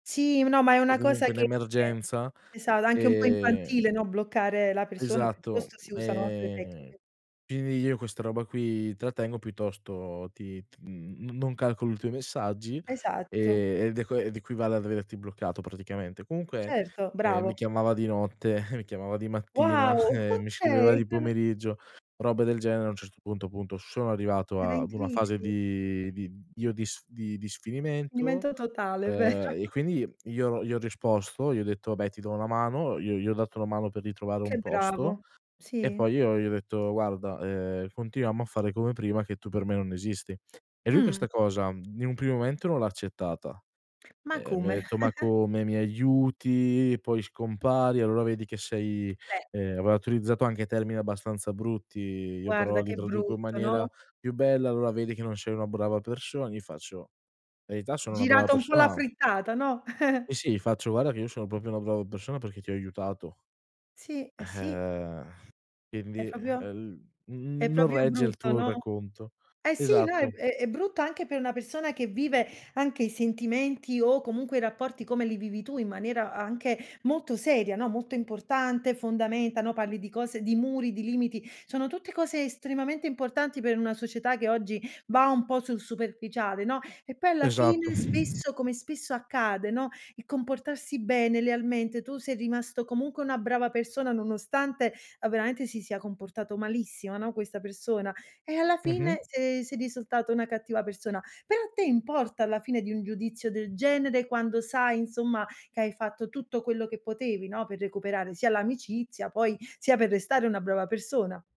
Sì, no, ma è O una cosa comunque un che emergenza, è stata anche un po' ehm infantile, no, bloccare la persona, Esatto, piuttosto si usano altre ehm, tecniche. quindi io questa roba qui trattengo, piuttosto ti ti n non calcolo i tuoi messaggi, Esatto. e ed ed equivale ad averti bloccato praticamente. Comunque, Certo, ehm, mi bravo. chiamava di notte, mi chiamava di mattina, Wow, e mi scriveva okay. di pomeriggio, robe del genere, a un certo punto, appunto, sono arrivato Era in ad una fase crisi. di di io di sf di di sfinimento, Sfinimento totale, vero. ehm, e quindi, io gli ho risposto, gli ho detto: "Vabbè ti do una mano", io gli ho dato una mano per ritrovare Che un posto, bravo, e sì. poi io gli ho detto: "Guarda, ehm, continuiamo a fare come prima, che tu per me non esisti". E lui Mh. questa cosa in un primo momento non l'ha accettata, Ma ehm, mi ha come? detto: "Ma come, mi aiuti poi scompari, allora vedi che sei", Beh. ehm, aveva utilizzato anche termini abbastanza brutti. Io però Guarda li che traduco in brutto, maniera no? più bella: "Allora vedi che non sei una brava persona", io faccio: "Verità, sono una brava Girata un po' la persona" frittata, no? Sì, sì, gli faccio: "Guarda che io sono proprio una brava persona perché ti ho aiutato" Sì, eh, sì. eh, È quindi, proprio ehm, l è "non proprio regge il brutto, tuo no, racconto". eh, sì, no, è Esatto. è brutto anche per una persona, che vive anche i sentimenti, o comunque i rapporti come li vivi tu, in maniera anche molto seria, no, molto importante, fondamenta, no, parli di cose, di muri, di limiti; sono tutte cose estremamente importanti, per una società che oggi va un po' sul superficiale, no, e poi alla Esatto. fine spesso, come spesso accade, no, il comportarsi bene, lealmente, tu sei rimasto comunque una brava persona, nonostante, veramente, si sia comportato malissimo, no, questa persona; e alla Mh-mh. fine sei sei risultata una cattiva persona. Però a te importa alla fine di un giudizio del genere, quando sai, insomma, che hai fatto tutto quello che potevi, no, per recuperare sia l'amicizia, poi sia per restare una brava persona.